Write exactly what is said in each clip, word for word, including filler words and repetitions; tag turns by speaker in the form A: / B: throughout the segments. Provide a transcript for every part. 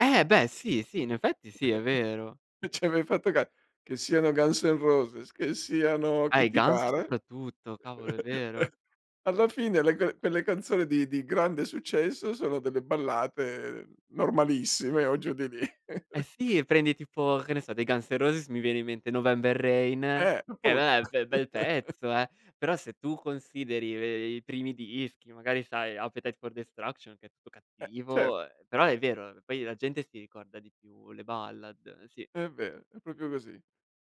A: Eh beh sì, sì, in effetti sì, è vero.
B: Non c'hai mai fatto ca che siano Guns N' Roses, che siano
A: Ah,
B: chi
A: i
B: ti
A: Guns
B: pare,
A: soprattutto, cavolo, è vero.
B: alla fine le ca le canzoni di di grande successo sono delle ballate normalissime o giù di lì.
A: Eh sì, prendi tipo, che ne so, dei Guns N' Roses mi viene in mente November Rain,
B: Eh,
A: che
B: appunto!
A: vabbè, bel bel pezzo eh; però se tu consideri ve i primi dischi, magari sai, Appetite for Destruction che è tutto
B: Eh, cer
A: cattivo, uhm, però è vero, poi la gente si ricorda di più le ballad, eh sì.
B: È vero, è propio così.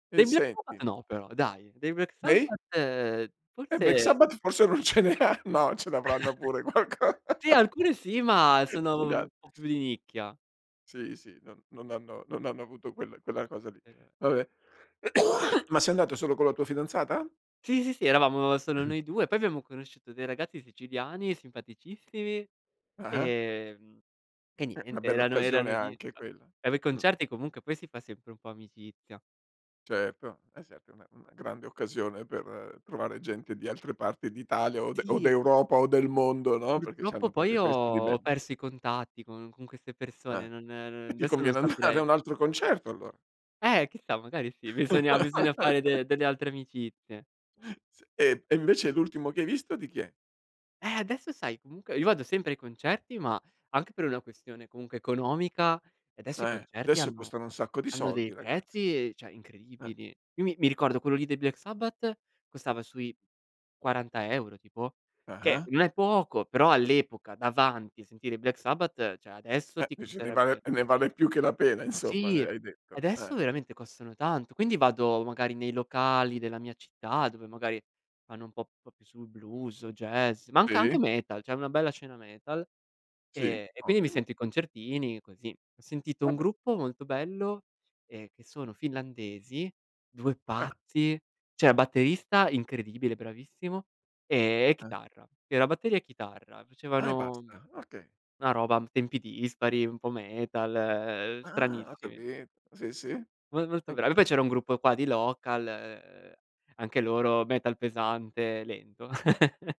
B: E
A: Dei Black Sabbath,
B: senti
A: no però dai. Dei Black
B: Dei?
A: Sabbath,
B: E Black
A: forse
B: Sabbath forse non ce ne han no ce l'avranno pure qualco
A: Sì, alcune sì ma
B: Ce
A: sono
B: ne han
A: un po' più di nicchia.
B: Sì, sì, non non hanno non hanno avuto quel quella cosa lì.
A: Esatto.
B: Vabbè. Ma sei andato solo con la tua fidanzata?
A: Sì, sì, sì, eravamo solo noi due, poi abbiamo conosciuto dei ragazzi siciliani simpaticissimi,
B: Ah-ah.
A: ehm, e
B: Eh, una
A: niente
B: bella
A: erano
B: occasione
A: erano lì
B: anche quella,
A: va beh,
B: mh.
A: concerti comunque poi si fa sempre un po' amicizia.
B: Certo, è sempre una una grande occasione per trovare gente di altre parti d'Italia o de o
A: Sì.
B: d'Europa o del mondo, no. Perché
A: Purtroppo
B: c'hanno
A: poi
B: propio
A: io
B: questo di
A: ho
B: bel
A: ho perso i contatti con con queste
B: Ah.
A: persone, non ehm,
B: E ti
A: desso non
B: conviene andare a
A: saprei.
B: un altro concerto allora.
A: Eh, chissà, magari sì, bisogna bisogna fare de delle altre amicizie.
B: S e e invece l'ultimo che hai visto di chi è?
A: Eh, adesso sai comunque, io vado sempre ai concerti, ma anche per una questione comunque economica, adesso i
B: Eh,
A: concerti
B: adesso
A: hanno
B: costano un sacco di
A: hanno
B: soldi
A: dei
B: ragazzi.
A: prezzi ceh,
B: Eh.
A: incredibili. Io mi mi ricordo quello lì dei Black Sabbath costava sui quaranta euro tipo, che
B: Ah-ah.
A: non è poco, però all'epoca davanti, a sentire i Black Sabbath; ceh adesso
B: Eh,
A: ti
B: dici ne vale
A: costerebbe
B: ne vale più che la pena insomma, uhm,
A: Sì.
B: hai detto, eh.
A: Adesso veramente costano tanto, quindi vado magari nei locali della mia città dove magari fanno un po' più sul blues o jazz, ma anc anche
B: Sì.
A: metal, c'è una bella scena metal;
B: Sì,
A: ehm, e quindi mi
B: ottimo.
A: sento i concertini così. Ho sentito un
B: Vabbè.
A: gruppo molto bello, ehm, che sono finlandesi, due
B: Ah!
A: pazzi: c'era il batterista incredibile, bravissimo, ehm, e
B: Ah.
A: chitarra. Era batteria e chitarra.
B: Ah, e
A: Facevano
B: basta? Okay.
A: una roba tempi dispari, un po' metal, uhm,
B: Ah! Ho
A: stranissimi.
B: capi sì, sì.
A: Mo molto
B: E
A: bravi. Poi c'era un gruppo qua di local, ehm, anche loro metal pesante, lento.